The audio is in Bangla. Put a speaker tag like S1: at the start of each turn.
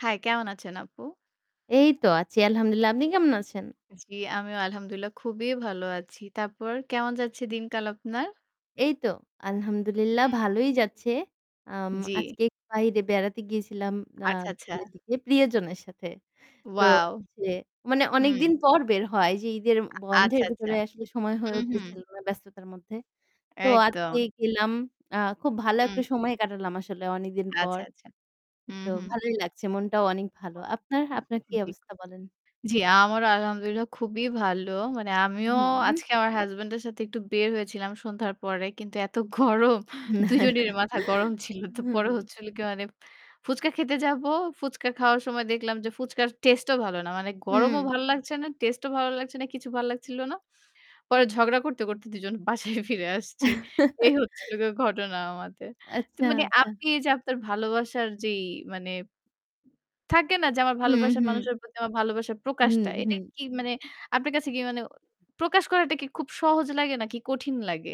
S1: হ্যাঁ, কেমন আছেন আপু?
S2: এই তো আছি আলহামদুলিল্লাহ। আপনি কেমন আছেন?
S1: জ্বী, আমিও আলহামদুলিল্লাহ খুবই ভালো আছি। তারপর কেমন যাচ্ছে দিন কাল আপনার?
S2: এই তো আলহামদুলিল্লাহ
S1: হু।
S2: ভালোই যাচ্ছে। আম
S1: জী।
S2: আজকে বাইরে বেড়াতে গিয়েছিলাম আ
S1: আচ্ছা, আচ্ছা।
S2: [unintelligible] প্রিয়জনের সাথে। তো
S1: wow!
S2: হচ্ছে মানে অনেক
S1: হুম।
S2: দিন পর বের হয় যে ঈদের
S1: আ
S2: বন্ধের
S1: আচ্ছা, আচ্ছা।
S2: ভেতরে আসলে সময় হয়ে
S1: হুম, হুম।
S2: উঠতেছিল না ব্যস্ততার মধ্যে। তো
S1: একদম।
S2: আজকে গেলাম। আ খুব ভালো
S1: হুম।
S2: একটা সময় কাটালাম আসলে অনেকদিন পর।
S1: আচ্ছা, আচ্ছা। হু,
S2: তো
S1: হু।
S2: ভালোই লাগছে। মনটাও অনেক ভালো।
S1: উ
S2: আপনার আপনার কি
S1: জ্বি,
S2: অবস্থা বলেন?
S1: জ্বি আমারও আলহামদুলিল্লাহ খুবই ভালো। মানে আমিও
S2: হুম।
S1: আজকে আমার হাসব্যান্ড এর সাথে একটু বের হয়েছিলাম সন্ধ্যার পরে। কিন্তু এত গরম ২ জনের মাথা গরম ছিল। তো পরে
S2: হুম।
S1: হচ্ছিল কি মানে ফুচকা খেতে যাবো। ফুচকা খাওয়ার সময় দেখলাম যে, ফুচকার টেস্টে ও ভালো না। মানে গরমও
S2: হুম।
S1: ভাল লাগছে না। টেস্টে ও ভালো লাগছে না। কিছু ভাল লাগছিল না। পরে ঝগড়া করতে, করতে দুজন বাসায় ফিরে আসছি। এই হচ্ছিল গিয়ে ঘটনা আমাদের। তো
S2: আচ্ছা,
S1: মানে
S2: আচ্ছা।
S1: আপনি যে আপনার ভালোবাসার যেই মানে থাকে না যে আমার
S2: হুম,
S1: ভালোবাসার
S2: হুম।
S1: মানুষের প্রতি আমার ভালবাসার
S2: হুম,
S1: প্রকাশটা। এটা
S2: হুম।
S1: কি মানে আপনার কাছে কি মানে প্রকাশ করাটা কি খুব সহজ লাগে নাকি কঠিন লাগে?